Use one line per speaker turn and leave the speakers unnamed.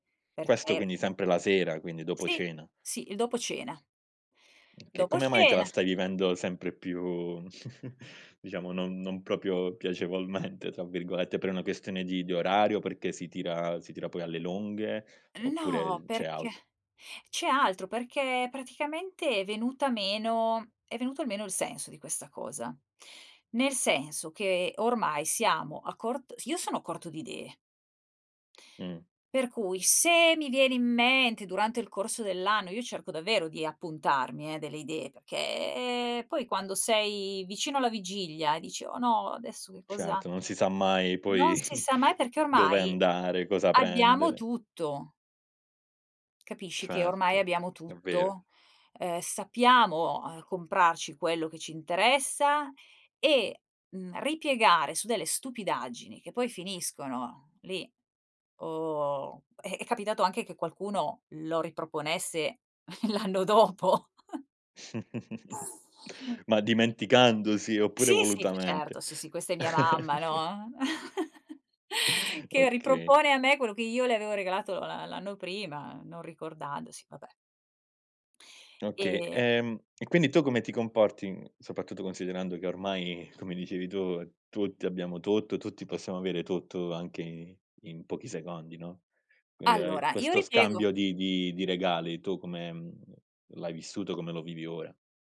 Questo
Perché
quindi sempre la sera, quindi dopo
Sì,
cena.
sì, il dopo cena.
Che
Dopo
come mai te
cena
la stai vivendo sempre più diciamo non non proprio "piacevolmente" tra virgolette? Per una questione di di orario, perché si tira si tira poi alle lunghe, oppure
No,
el c'è
perché
altro?
c'è altro! Perché praticamente è venuta meno è venuto meno il senso di questa cosa. Nel senso che ormai siamo a cort io sono a corto di idee.
Mh.
Per cui se mi viene in mente durante il corso dell'anno io cerco davvero di appuntarmi eh delle idee, perché poi quando sei vicino alla vigilia e dici: "Oh no adesso che cosa"
Ceto, non si sa mai
Non
poi
si sa mai perché
dove
ormai
andare, cosa
abbiamo
prendere.
tutto. Capisci che ormai
Certo,
abbiamo
è vero.
tutto? Ehm, sappiamo, uhm, comprarci quello che ci interessa e, mhmm, ripiegare su delle stupidaggini che poi finiscono lì, o è è capitato anche che qualcuno lo riproponesse l'anno dopo.
Ma dimenticandosi, oppure
Sì sì, fa
volutamente?
certo sì, sì, questa è mia mamma, no, eh, che
Okay.
ripropone a me quello che io le avevo regalato l'a l'anno prima, non ricordandosi, vabbè.
Oka
E
ehm, e quindi tu come ti comporti in soprattutto considerando che ormai come dicevi tu, tutti abbiamo tutto, tutti possiamo avere tutto, anche i in pochi secondi, no. Quindi, uhm,
Allora, io
questo
ripiego
scambio di di di regali tu come, mhmm, l'hai vissuto, come lo vivi ora?